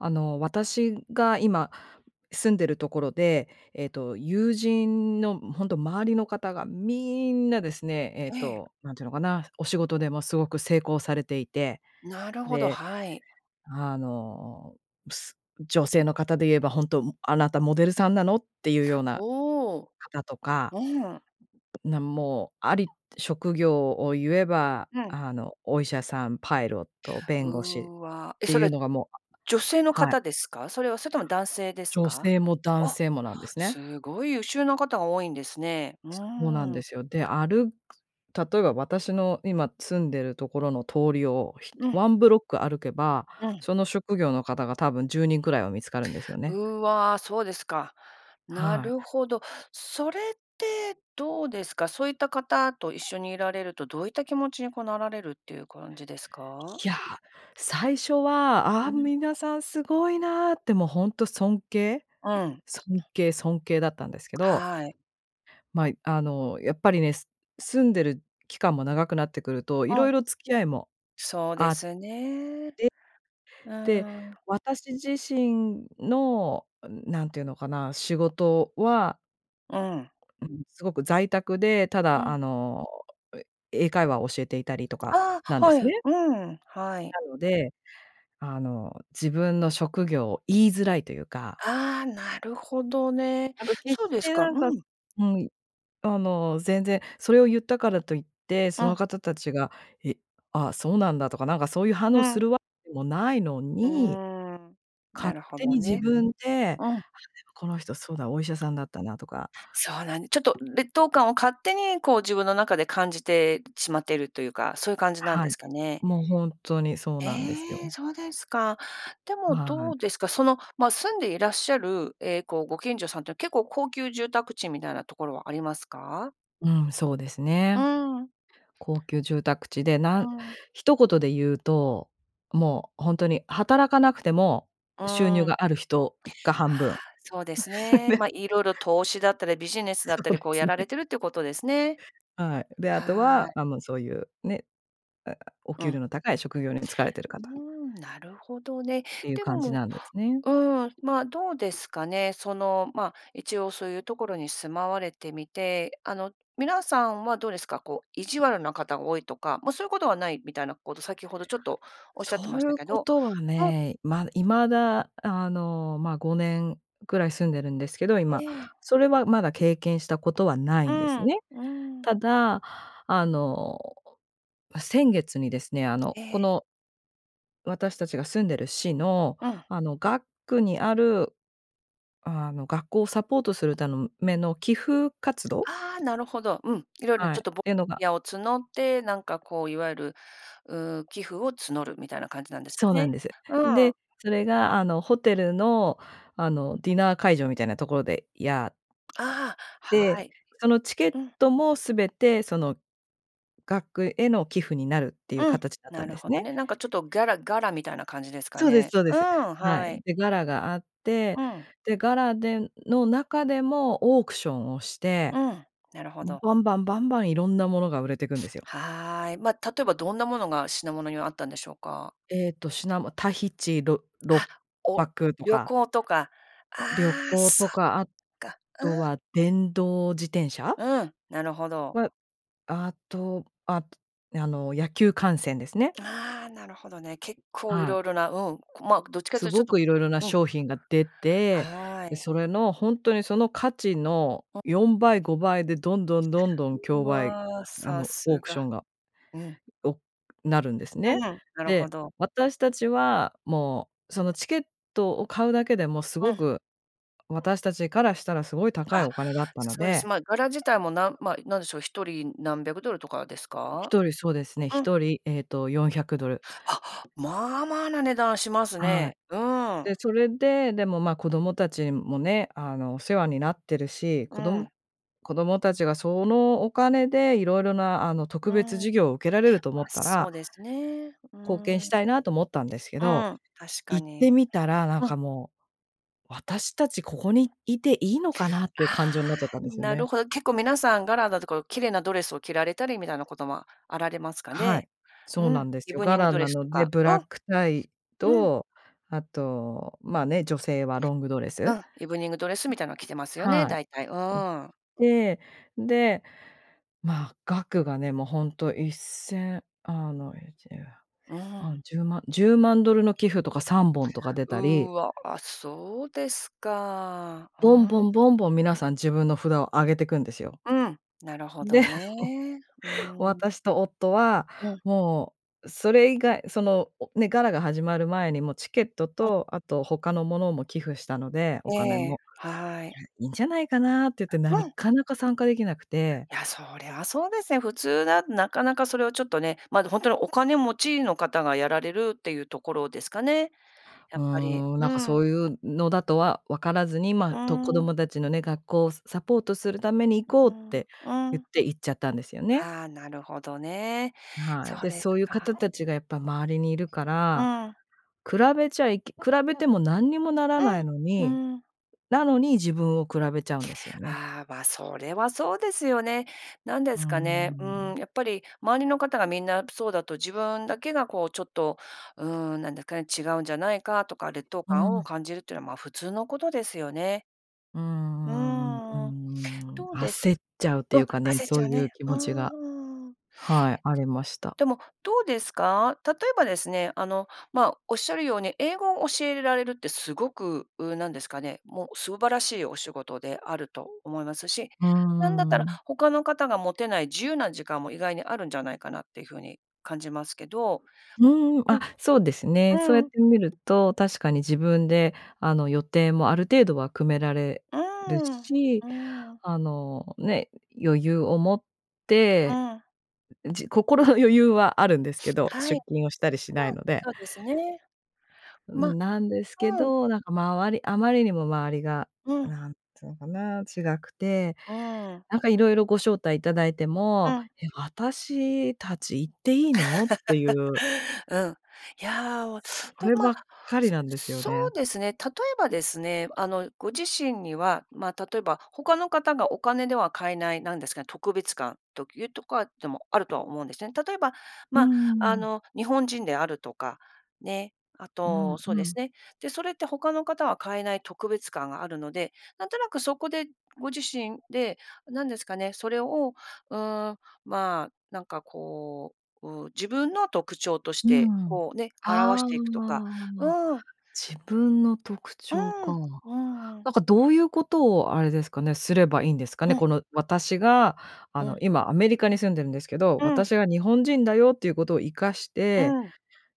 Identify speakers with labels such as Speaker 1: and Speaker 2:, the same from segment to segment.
Speaker 1: あの、私が今住んでるところで、えっと友人のほんと周りの方がみんなですね、えっ
Speaker 2: ええ。
Speaker 1: と何ていうのかな、お仕事でもすごく成功されていて、
Speaker 2: なるほど、
Speaker 1: で、
Speaker 2: はい。
Speaker 1: あの、す女性の方で言えば、本当、あなたモデルさんなの？っていうような、
Speaker 2: おお、
Speaker 1: 方とか
Speaker 2: うん。
Speaker 1: なんもうあり職業を言えば、
Speaker 2: うん。
Speaker 1: あの、お医者さん、パイロット、弁護士っ
Speaker 2: うわ、え、
Speaker 1: て
Speaker 2: そ
Speaker 1: いう
Speaker 2: れ、
Speaker 1: のがもう
Speaker 2: 女性の
Speaker 1: はい。
Speaker 2: 方ですか？それは。それとも男性です
Speaker 1: 女
Speaker 2: か？
Speaker 1: 性も男
Speaker 2: お、
Speaker 1: 性もなんですね。
Speaker 2: すごい優秀な方が多いんですね。う
Speaker 1: そうなん
Speaker 2: ー
Speaker 1: で
Speaker 2: ん。
Speaker 1: すよ、で、歩く例えば私の今住んでるところの通りを、ひ
Speaker 2: うん。
Speaker 1: ワンブロック歩けば、
Speaker 2: うん。
Speaker 1: その職業の方が多分10人くらいは見つかるんですよね。
Speaker 2: うわ、そうですか。な
Speaker 1: はい。
Speaker 2: るほど。それってどうですか？そういった方と一緒にいられるとどういった気持ちにこうなられるっていう感じですか？
Speaker 1: いや、最初は、あ
Speaker 2: う
Speaker 1: あ、
Speaker 2: ん。
Speaker 1: 皆さんすごいなって、もうほんと尊敬、
Speaker 2: うん。
Speaker 1: 尊敬、尊敬だったんですけど
Speaker 2: はい。
Speaker 1: ま、あのやっぱりね、す住んでる期間も長くなってくると、
Speaker 2: う
Speaker 1: 色
Speaker 2: ん。
Speaker 1: 々付き合いも
Speaker 2: そう
Speaker 1: あ
Speaker 2: で
Speaker 1: って、
Speaker 2: すね、う
Speaker 1: で、
Speaker 2: ーん。
Speaker 1: 私自身の、何て言うのかな、仕事は
Speaker 2: うん。
Speaker 1: うん、すごく在宅で、た
Speaker 2: う
Speaker 1: だ
Speaker 2: ん。
Speaker 1: あの、英会話を教えていたりとか
Speaker 2: あ
Speaker 1: なん
Speaker 2: あ、
Speaker 1: で
Speaker 2: は
Speaker 1: す
Speaker 2: い、
Speaker 1: ね。
Speaker 2: うん、はい。
Speaker 1: なので、あの自分の職業を言いづらいというか。
Speaker 2: ああ、なるほどね、
Speaker 1: なんか決
Speaker 2: そう
Speaker 1: し
Speaker 2: です
Speaker 1: て
Speaker 2: か、
Speaker 1: なんか
Speaker 2: うん。
Speaker 1: うん、あの全然それを言ったからといって、そ
Speaker 2: うん。
Speaker 1: の方たちが、え、あ、そうなんだとか、なんかそういう反
Speaker 2: う
Speaker 1: 応す
Speaker 2: ん。
Speaker 1: るわけでもないの
Speaker 2: うー
Speaker 1: に、
Speaker 2: ん、な
Speaker 1: 勝
Speaker 2: るほ
Speaker 1: 手
Speaker 2: ど
Speaker 1: に自
Speaker 2: ね、
Speaker 1: 分で、あ、でも
Speaker 2: うん。
Speaker 1: この人そうだ、お医者さんだったなとか。
Speaker 2: そうなんちょっと劣等感を勝手にこう自分の中で感じてしまっているというか、そういう感じなん
Speaker 1: は
Speaker 2: で
Speaker 1: い、
Speaker 2: すかね。
Speaker 1: もうほんとにそうなんです
Speaker 2: ええ、
Speaker 1: よ。
Speaker 2: そうですか。でも
Speaker 1: は
Speaker 2: どう
Speaker 1: い。
Speaker 2: ですか、その、ま、住んでいらっしゃる、え、こうご近所さんっていうのは結構高級住宅地みたいなところはありますか？
Speaker 1: うん、そうです
Speaker 2: うー
Speaker 1: ね、
Speaker 2: ん。
Speaker 1: 高級住宅地で、な
Speaker 2: うー
Speaker 1: ん
Speaker 2: ん。
Speaker 1: 一言で言うと、もうほんとに働かなくても、
Speaker 2: う
Speaker 1: 収入
Speaker 2: ーん。
Speaker 1: がある人が半
Speaker 2: はあ、
Speaker 1: 分、
Speaker 2: そうです ね。
Speaker 1: で。
Speaker 2: ま、色々投資だったりビジネス
Speaker 1: そ
Speaker 2: だった
Speaker 1: う
Speaker 2: り、
Speaker 1: で
Speaker 2: こう
Speaker 1: す
Speaker 2: や
Speaker 1: ね。
Speaker 2: られてるっていうことですね。
Speaker 1: はい、で、あと
Speaker 2: は
Speaker 1: は、
Speaker 2: い。
Speaker 1: あ、もうそういうね、あ、お
Speaker 2: う
Speaker 1: 給料
Speaker 2: ん。
Speaker 1: の高い職業につかれている
Speaker 2: うー
Speaker 1: 方
Speaker 2: ん、なるほどね、
Speaker 1: っていう
Speaker 2: で
Speaker 1: 感じ
Speaker 2: も
Speaker 1: なんですね。
Speaker 2: うん、ま、どうですかね、その、ま、一応そういうところに住まわれてみて、あの皆さんはどうですか？こう意地悪な方が多いとか、ま、そういうことはないみたいなこと先ほどちょっとおっしゃって
Speaker 1: そ
Speaker 2: ま
Speaker 1: う
Speaker 2: し
Speaker 1: い
Speaker 2: た
Speaker 1: う
Speaker 2: け
Speaker 1: こ
Speaker 2: ど
Speaker 1: とは
Speaker 2: うん。
Speaker 1: ね、ま未だあの、ま、5年くらい住んでるんですけど、
Speaker 2: え
Speaker 1: 今、
Speaker 2: え。
Speaker 1: それはまだ経験したことはない
Speaker 2: う
Speaker 1: んです
Speaker 2: ん、
Speaker 1: ね。
Speaker 2: うん。
Speaker 1: ただ、あの、先月にですね、あの、
Speaker 2: え
Speaker 1: こ
Speaker 2: え。
Speaker 1: の私たちが住んでる市の
Speaker 2: うん。
Speaker 1: あの学区にある、あの学校をサポートするたんめの寄付活動。
Speaker 2: ああ、なるほど、うん、色々の
Speaker 1: はい、っ
Speaker 2: ちょっとぼ
Speaker 1: ての
Speaker 2: [unintelligible]
Speaker 1: が
Speaker 2: やを募って、なんかこういわゆる、うーん、寄付を募るみたいな感じなんですよ
Speaker 1: そうなん
Speaker 2: ね、
Speaker 1: です。
Speaker 2: うん。
Speaker 1: で、それがあのホテルのあのディナー会場みたいなところで、やっ
Speaker 2: ああ、
Speaker 1: で、
Speaker 2: はい、
Speaker 1: そのチケッ
Speaker 2: うん。
Speaker 1: トもすべてその学区への寄付になるっていう
Speaker 2: うん、
Speaker 1: 形だった
Speaker 2: な
Speaker 1: ん
Speaker 2: る
Speaker 1: です
Speaker 2: ほど
Speaker 1: ね。
Speaker 2: ね。なんかちょっとギャラガラみたいな感じですか
Speaker 1: そうです、
Speaker 2: ね。
Speaker 1: そうで
Speaker 2: う
Speaker 1: す。
Speaker 2: ん、
Speaker 1: はい。
Speaker 2: はい。
Speaker 1: で、ガラがあって、
Speaker 2: うん。
Speaker 1: で、ガラでの中でもオークションをし
Speaker 2: う
Speaker 1: て、
Speaker 2: ん、なるほ
Speaker 1: ん、
Speaker 2: ど。
Speaker 1: バンバンバンバンいろんなものが売れていくんですよ。
Speaker 2: はい、ま、例えばどんなものが品物にはあったんでしょうか？
Speaker 1: えっと、しなもタヒチ、ろっろ
Speaker 2: あ、
Speaker 1: っ
Speaker 2: お
Speaker 1: ぱくと
Speaker 2: 旅
Speaker 1: か。
Speaker 2: 行とか、
Speaker 1: 旅
Speaker 2: ああ
Speaker 1: 行
Speaker 2: そ
Speaker 1: と
Speaker 2: っ
Speaker 1: か、あ
Speaker 2: か、う
Speaker 1: とは
Speaker 2: ん。
Speaker 1: 電動自転車。
Speaker 2: うん、なるほど。
Speaker 1: はあと、ああの野球観戦ですね。
Speaker 2: ああ、なるほどね。結構
Speaker 1: はい。
Speaker 2: 色々な、うん、ま、どっちかっ
Speaker 1: す
Speaker 2: ていうとち
Speaker 1: ご
Speaker 2: ょっと
Speaker 1: く色々な
Speaker 2: うん。
Speaker 1: 商品が出て、
Speaker 2: は
Speaker 1: で、
Speaker 2: い。
Speaker 1: それのほんとにその価値の
Speaker 2: うん。
Speaker 1: 4倍5倍でどんどんどんどん
Speaker 2: う
Speaker 1: 競売
Speaker 2: わ、
Speaker 1: あ
Speaker 2: さ
Speaker 1: のオー
Speaker 2: す
Speaker 1: クシ
Speaker 2: が。
Speaker 1: ョンが、
Speaker 2: うん。
Speaker 1: おなるんです
Speaker 2: うん、
Speaker 1: ね。
Speaker 2: なるほ
Speaker 1: で、
Speaker 2: ど。
Speaker 1: 私たちは、もうそのチケットを買うだけでもす
Speaker 2: う
Speaker 1: ご
Speaker 2: ん。
Speaker 1: く、私たちからしたらすごい高い
Speaker 2: あ、
Speaker 1: お金だったの
Speaker 2: そうです、
Speaker 1: で
Speaker 2: ま、ガラ自体もなんま、何でしょう、一人何百ドルとかですか？
Speaker 1: 一人、そうですね、
Speaker 2: うん。
Speaker 1: 一人、えっと400ドル。
Speaker 2: あ、まあまあな値段します
Speaker 1: はい。
Speaker 2: ね、うーん。
Speaker 1: で、それで、でも、ま、子供たちもね、あのお世話になってるし、
Speaker 2: う
Speaker 1: こど
Speaker 2: ん。
Speaker 1: 子供たちがそのお金で色々なあの
Speaker 2: う
Speaker 1: 特別
Speaker 2: ん、
Speaker 1: 授業を受けられると思
Speaker 2: ま、
Speaker 1: った
Speaker 2: そ
Speaker 1: ら、
Speaker 2: うですね、う
Speaker 1: 貢献
Speaker 2: ん、う
Speaker 1: し
Speaker 2: ん、
Speaker 1: たいなと思ったんですけど、
Speaker 2: 確か
Speaker 1: 行って
Speaker 2: に、
Speaker 1: みたらなん
Speaker 2: うん。
Speaker 1: かもう、私たちここにいていいのかなっ
Speaker 2: あ
Speaker 1: ていう感情にな
Speaker 2: あ、
Speaker 1: っちゃったんですよ
Speaker 2: な
Speaker 1: ね。
Speaker 2: るほど、結構皆さんガラだとか綺麗なドレスを着られれたりみたいなこともあられますか
Speaker 1: はい、
Speaker 2: ね、
Speaker 1: そう
Speaker 2: う
Speaker 1: な
Speaker 2: ん、
Speaker 1: んです
Speaker 2: イ
Speaker 1: よ、
Speaker 2: ブ
Speaker 1: ガ
Speaker 2: ニング
Speaker 1: ラ
Speaker 2: ド
Speaker 1: な
Speaker 2: レスと
Speaker 1: ので、
Speaker 2: か、
Speaker 1: ブラ
Speaker 2: う
Speaker 1: ッ
Speaker 2: ん。
Speaker 1: クタイ、
Speaker 2: うん。
Speaker 1: と、あと、ま、ね、女性はロングドレス。
Speaker 2: う
Speaker 1: ん。
Speaker 2: ん、イブニングドレスみたいなの着てますよね、
Speaker 1: はい、
Speaker 2: 大体、う
Speaker 1: を着
Speaker 2: ーん。
Speaker 1: て、で、ま、額がね、もうほんと一千あの、いちじゅうひゃ
Speaker 2: う
Speaker 1: くせん、あ、
Speaker 2: ん。
Speaker 1: 十万十万ドルの寄付とか3本とか出たり
Speaker 2: うわ、そうですか、う
Speaker 1: ぼんぼ
Speaker 2: ん。
Speaker 1: んぼんぼん皆さん自分の札を上げてくんですよ。
Speaker 2: うん、なるほ
Speaker 1: で、
Speaker 2: どね、うーん。
Speaker 1: 私と夫は、
Speaker 2: うん。
Speaker 1: もうそれ以外そのね、ガラが始まる前にもうチケット
Speaker 2: うん。
Speaker 1: とあと他のものも寄付したので、お金
Speaker 2: ええ、
Speaker 1: も。
Speaker 2: はい。
Speaker 1: いいんじゃないかなって言って、な
Speaker 2: うん。
Speaker 1: かなか参加できなくて。
Speaker 2: いや、それはそうですね、普通だとなかなかそれをちょっとね、まだほんとにお金持ちの方がやられるっていうところですかね、や
Speaker 1: う
Speaker 2: っぱり、
Speaker 1: ーん、な
Speaker 2: う
Speaker 1: んかそ
Speaker 2: ん。
Speaker 1: ういうのだとはわからずに、
Speaker 2: うー
Speaker 1: ま、と子
Speaker 2: ん。
Speaker 1: 供たちのね、学校をサポートするために行こ
Speaker 2: う
Speaker 1: うっ
Speaker 2: ん、
Speaker 1: て
Speaker 2: う
Speaker 1: 言っ
Speaker 2: ん。
Speaker 1: て行っちゃったんですよね。
Speaker 2: ああ、なるほどね、
Speaker 1: は
Speaker 2: そ
Speaker 1: い、
Speaker 2: う
Speaker 1: で、
Speaker 2: です
Speaker 1: そういう方
Speaker 2: か。
Speaker 1: たちがやっぱ周りにいるか
Speaker 2: う
Speaker 1: ら、
Speaker 2: ん。
Speaker 1: 比べちゃいけ比べても何にもならないの
Speaker 2: う
Speaker 1: に、
Speaker 2: ん、うん。
Speaker 1: なのに自分を比べちゃうんですよね。
Speaker 2: ああ、ま、それはそうですよね。何で
Speaker 1: うー
Speaker 2: すかね。うー
Speaker 1: ん。
Speaker 2: ん、やっぱり周りの方がみんなそうだと自分だけがこうちょっと、うーん、なんだかね、違うんじゃないかとか、劣等
Speaker 1: う
Speaker 2: 感を
Speaker 1: ん。
Speaker 2: 感じるっていうのは、ま、普通のことですよね。
Speaker 1: う
Speaker 2: う
Speaker 1: んうんうー
Speaker 2: ーん。
Speaker 1: ん、
Speaker 2: どうです
Speaker 1: 焦っちゃうって
Speaker 2: うん、
Speaker 1: いうかね、
Speaker 2: 焦っ
Speaker 1: そ
Speaker 2: ち
Speaker 1: う
Speaker 2: ゃう
Speaker 1: いう
Speaker 2: ね、
Speaker 1: 気
Speaker 2: う
Speaker 1: 持ちが
Speaker 2: んうーん。
Speaker 1: はい、ありました。
Speaker 2: でも、どうですか？例えばですね、あの、ま、おっしゃるように英語を教えられるってすごく、うーん、なんですかね、もう素晴らしいお仕事であると思いますし、
Speaker 1: う
Speaker 2: なんだった
Speaker 1: ー
Speaker 2: ら、
Speaker 1: ん。
Speaker 2: 他の方が持てない自由な時間も意外にあるんじゃないかなっていう風に感じますけど、
Speaker 1: うーん、
Speaker 2: う
Speaker 1: あ、
Speaker 2: ん、
Speaker 1: そうですね、そうやっ
Speaker 2: うん。
Speaker 1: て見ると、確かに自分であの予定もある程度は組められ
Speaker 2: うー
Speaker 1: る
Speaker 2: ん、う
Speaker 1: し、
Speaker 2: ーん。
Speaker 1: あの、ね、余裕を持っ
Speaker 2: う
Speaker 1: て、
Speaker 2: ん。
Speaker 1: ん、じ心の余裕はあるんですけど、
Speaker 2: はい、うん、
Speaker 1: 出勤をしたりしないので。
Speaker 2: そうですね、
Speaker 1: う
Speaker 2: ま
Speaker 1: ん、なんですけ
Speaker 2: うん。
Speaker 1: ど、なんか周りあまりにも周りが、
Speaker 2: うん。
Speaker 1: なんていうのかな、違くて、
Speaker 2: うーん。
Speaker 1: なんか色々ご招待いただいて
Speaker 2: う
Speaker 1: も、
Speaker 2: ん。
Speaker 1: 「「え、私たち行っていいの？」っていう。
Speaker 2: うん、いやあ、
Speaker 1: そ
Speaker 2: と、
Speaker 1: れば
Speaker 2: ま、
Speaker 1: っかり
Speaker 2: そ
Speaker 1: なんですよ
Speaker 2: そ
Speaker 1: ね。
Speaker 2: うですね、例えばですね、あの、ご自身には、ま、例えば他の方がお金では買えない、なんですかね、特別感というとかでもあるとは思うんですね。例えば、
Speaker 1: うー
Speaker 2: ま、あ
Speaker 1: ん。
Speaker 2: の、日本人であるとか、ね、あ
Speaker 1: うん
Speaker 2: と、そう
Speaker 1: う
Speaker 2: です
Speaker 1: ん。
Speaker 2: ね、で、それって他の方は買えない特別感があるので、なんとなくそこで、ご自身で、何ですかね、それを、うーん、ま、なんかこう、う、自分の特徴とし
Speaker 1: うー
Speaker 2: て、
Speaker 1: ん、
Speaker 2: こうね、表し
Speaker 1: ああ、
Speaker 2: ていくとか、うーん。
Speaker 1: 自分の特
Speaker 2: う
Speaker 1: 徴か。
Speaker 2: ーん、うん-うん。
Speaker 1: なんかどういうことをあれですかね、すればいいんですかね？
Speaker 2: うん。
Speaker 1: この私が、あ
Speaker 2: う
Speaker 1: の
Speaker 2: ん。
Speaker 1: 今アメリカに住んでるんですけど、
Speaker 2: うん。
Speaker 1: 私が日本人だよっていうことを生かして、
Speaker 2: うん。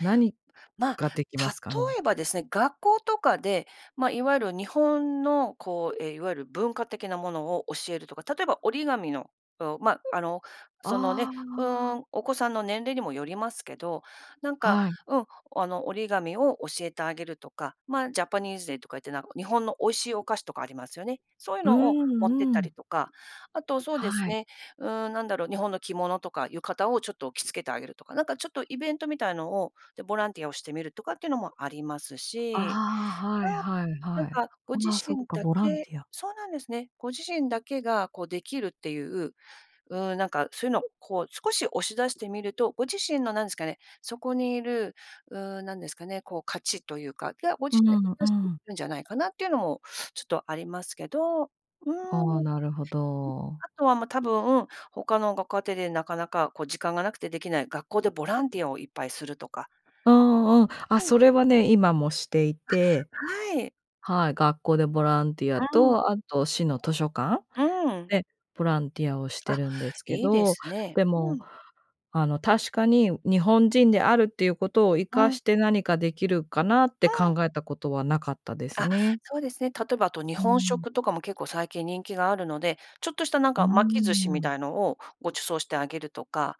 Speaker 1: 何
Speaker 2: ま、
Speaker 1: ができま
Speaker 2: 例
Speaker 1: すかね？
Speaker 2: えばですね、学校とかで、ま、いわゆる日本のこう、え、いわゆる文化的なものを教えるとか。例えば折り紙の、うん、ま、あの、その
Speaker 1: あ
Speaker 2: ね、うー
Speaker 1: あ。
Speaker 2: ん、お子さんの年齢にもよりますけど、なんか、
Speaker 1: はい。
Speaker 2: うん、あの折り紙を、教えてあげるとか、ま、ジャパニーズデーとか言って、なんか日本の美味しいお菓子とかありますよね、そういう
Speaker 1: う
Speaker 2: のを持
Speaker 1: ん
Speaker 2: ってっ
Speaker 1: う
Speaker 2: た
Speaker 1: ん。
Speaker 2: りとか。あとそうです
Speaker 1: はい。
Speaker 2: ね、うーん、何だろう、日本の着物とか浴衣をちょっと着付けてあげるとか、なんかちょっとイベントみたいのを、で、ボランティアをしてみるとかっていうのもあります
Speaker 1: あ
Speaker 2: し、
Speaker 1: あ、はいはい
Speaker 2: うーん、な
Speaker 1: は
Speaker 2: ん
Speaker 1: い、
Speaker 2: か、ご自
Speaker 1: あ、そっ
Speaker 2: 身
Speaker 1: か、
Speaker 2: だ
Speaker 1: ボラン
Speaker 2: け
Speaker 1: ティア。
Speaker 2: そうなんですね、ご自身だけがこうできるっていう、うーん、なんかそういうのを、こう少し押し出してみると、ご自身のなんですかね、そこにいる、うーん、何ですかね、こう価値というか、が、ご自
Speaker 1: う
Speaker 2: 身で
Speaker 1: んう
Speaker 2: 出していけ
Speaker 1: ん。
Speaker 2: るんじゃないかなっていうのもちょっとありますけど、うーん、
Speaker 1: ああ、
Speaker 2: うん、
Speaker 1: なるほど。
Speaker 2: あとは、ま、多分、他のご家庭でなかなかこう時間がなくてできない、学校でボランティアをいっぱいするとか。
Speaker 1: うんうん、あ、
Speaker 2: うん。あ、
Speaker 1: それはね、今もしていて
Speaker 2: はい。
Speaker 1: はい、学校でボランティア
Speaker 2: うん。
Speaker 1: と、あと市の図書館
Speaker 2: うーん。
Speaker 1: でボランティアをして
Speaker 2: あ、
Speaker 1: るんですけ
Speaker 2: いいで
Speaker 1: ど、
Speaker 2: すね、
Speaker 1: で
Speaker 2: う
Speaker 1: も、
Speaker 2: ん。
Speaker 1: あの確かに日本人であるっていうことを生
Speaker 2: う
Speaker 1: か
Speaker 2: ん。
Speaker 1: して何かできるかなっ
Speaker 2: う
Speaker 1: て考
Speaker 2: ん。
Speaker 1: えたことはなかったです
Speaker 2: あ、
Speaker 1: ね。
Speaker 2: そうですね、例えばあと日
Speaker 1: う
Speaker 2: 本
Speaker 1: ん。
Speaker 2: 食とかも結構最近人気があるので、ちょっとしたなん
Speaker 1: うー
Speaker 2: か巻き寿司み
Speaker 1: ん。
Speaker 2: たいのをご馳走してあげるとか、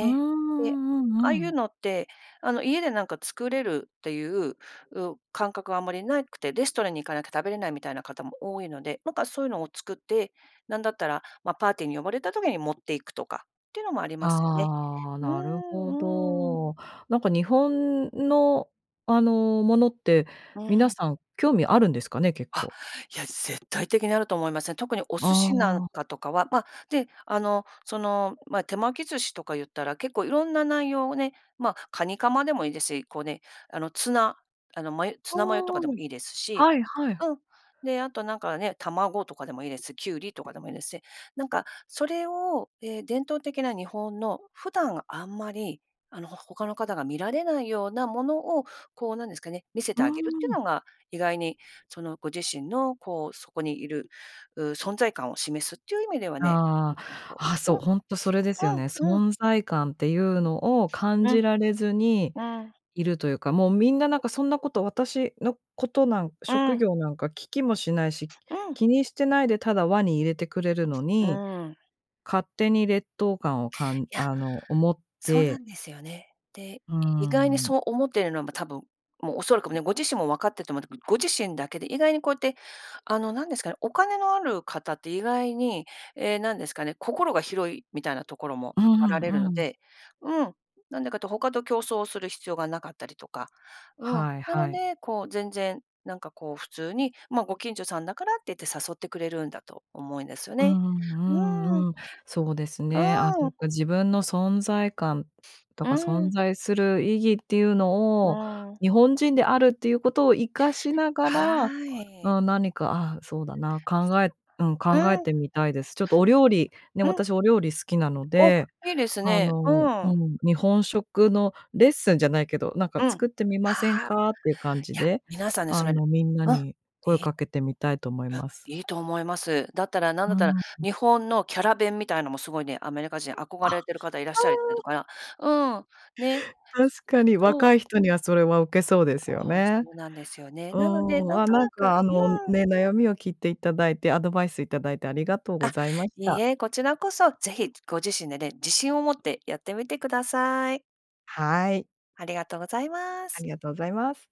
Speaker 1: うーん、う
Speaker 2: で、
Speaker 1: んう
Speaker 2: ああ
Speaker 1: んう
Speaker 2: いう
Speaker 1: ん。
Speaker 2: のって、あの家でなんか作れるっていう、う、感覚はあんまりなくて、レストランに行かなきゃ食べれないみたいな方も多いので、なんかそういうのを作って、なんだったら、ま、パーティーに呼ばれた時に持っていくとか、っていうのもありますよね、
Speaker 1: ああ、
Speaker 2: うー
Speaker 1: なるほ
Speaker 2: んうーん。
Speaker 1: ど。なんか日本のあのものって
Speaker 2: う
Speaker 1: 皆
Speaker 2: ん。
Speaker 1: さん興味あるんですかね？結
Speaker 2: あ、
Speaker 1: 構。
Speaker 2: いや、絶対的にあると思いますね。特にお
Speaker 1: あ
Speaker 2: 寿司なん
Speaker 1: あ。
Speaker 2: かとかは。ま、で、あのその、ま、手巻き寿司とか言ったら、結構いろんな内容をね、ま、カニカマでもいいですし、こうね、あの、ツナあの、ま、ツナマヨとか
Speaker 1: お、
Speaker 2: でも
Speaker 1: ん、
Speaker 2: いいですし、
Speaker 1: はいはい。
Speaker 2: うん、で、あとなんかね、卵とかでもいいですし、キュウリとかでもいいですし、なんか、それを、え、伝統的な日本の普段あんまり、あの、ほ他の方が見られないようなものを、こうなんですかね、見せ
Speaker 1: う
Speaker 2: て
Speaker 1: ー
Speaker 2: あげるってい
Speaker 1: ん。
Speaker 2: うのが、意外に、そのご自身のこうそこにいる、う、存在感を示すっていう意味ではね、い
Speaker 1: あ
Speaker 2: いかなと、
Speaker 1: あ、あ、
Speaker 2: う
Speaker 1: そう、
Speaker 2: ん、
Speaker 1: ほんとそれですよね。
Speaker 2: うんうん。
Speaker 1: 存在感っていうのを感
Speaker 2: う
Speaker 1: じ
Speaker 2: ん、
Speaker 1: られずに
Speaker 2: うん。
Speaker 1: いるというか、もうみんななんかそんなこと、私のことなんか、
Speaker 2: う
Speaker 1: 職
Speaker 2: ん。
Speaker 1: 業なんか聞きもしないし、
Speaker 2: うん。
Speaker 1: 気にしてないでただ輪に入れてくれるの
Speaker 2: う
Speaker 1: に、
Speaker 2: ーん。
Speaker 1: 勝手に劣等感をかん
Speaker 2: いや、
Speaker 1: あの思っ
Speaker 2: そうな
Speaker 1: て。
Speaker 2: んですよね。で、
Speaker 1: うー
Speaker 2: 意外に
Speaker 1: ん。
Speaker 2: そう思ってるのは、ま、多分、もう恐らくもうね、ご自身も分かってると思うんだけど、ご自身だけで意外にこうやって、あのなんですかね、お金のある方って意外に、ええなんですかね、心が広いみたいなところも
Speaker 1: う
Speaker 2: あら
Speaker 1: ん
Speaker 2: れるの
Speaker 1: うん。
Speaker 2: で、うん、なんでかって他と競争する必要がなかったりとか、うん、
Speaker 1: はい
Speaker 2: な
Speaker 1: は
Speaker 2: の
Speaker 1: い。
Speaker 2: で、こう全然、なんかこう普通にまご近所さんだからって言って誘ってくれるんだと思うんですよ
Speaker 1: う
Speaker 2: ね、
Speaker 1: んう
Speaker 2: う
Speaker 1: んう
Speaker 2: ーん。
Speaker 1: んうん、そうです
Speaker 2: う
Speaker 1: ね、あ、そ
Speaker 2: ー
Speaker 1: っ
Speaker 2: ん。
Speaker 1: か、自分の存在感と
Speaker 2: うー
Speaker 1: か存
Speaker 2: ん。
Speaker 1: 在する意義っていう
Speaker 2: う
Speaker 1: のを、
Speaker 2: ーん。
Speaker 1: 日本人であるっていうことを生かしながら、
Speaker 2: はい。
Speaker 1: あ、何か、あ、そうだな、考えうん、
Speaker 2: う
Speaker 1: 考え
Speaker 2: ん。
Speaker 1: てみたいです。ちょっとお料理、ね、
Speaker 2: うん。
Speaker 1: 私お料理好きなの
Speaker 2: お、い
Speaker 1: で、
Speaker 2: いです
Speaker 1: あ
Speaker 2: ね。
Speaker 1: の
Speaker 2: う
Speaker 1: う
Speaker 2: ん。
Speaker 1: ん、日本食のレッスンじゃないけど、なんか
Speaker 2: うん、
Speaker 1: 作ってみません
Speaker 2: はあ、も
Speaker 1: か？っていう感じ
Speaker 2: いや、
Speaker 1: で、
Speaker 2: 皆さんね、そ
Speaker 1: あ
Speaker 2: れ
Speaker 1: のみんな
Speaker 2: うん、
Speaker 1: に声を
Speaker 2: いい
Speaker 1: かけてみたいと思い
Speaker 2: うん、
Speaker 1: ます。
Speaker 2: いいと思います、だったら、なんだっ
Speaker 1: うん
Speaker 2: たら、
Speaker 1: うん。
Speaker 2: 日本のキャラ弁みたいのもすごいね、アメリカ人
Speaker 1: あ、
Speaker 2: 憧れてる方いらっしゃりして
Speaker 1: うん。
Speaker 2: るから、うん、ね
Speaker 1: 確かに
Speaker 2: そう。
Speaker 1: 若い人にはそれはウケそうですよ
Speaker 2: そう、そ
Speaker 1: ね。
Speaker 2: うなんですよね、
Speaker 1: う
Speaker 2: なので、
Speaker 1: ん、
Speaker 2: なん
Speaker 1: あ、
Speaker 2: と
Speaker 1: なん
Speaker 2: なく
Speaker 1: かあの
Speaker 2: うん。
Speaker 1: ね、悩みを聞いていただいて、アドバイスいただいてありがとう
Speaker 2: あ、
Speaker 1: ございまし
Speaker 2: いい
Speaker 1: た。
Speaker 2: え、こちらこそ、ぜひご自身でね、自信を持ってやってみてください。
Speaker 1: はい。
Speaker 2: ありがとうございま
Speaker 1: あ
Speaker 2: す。
Speaker 1: りがとうございます。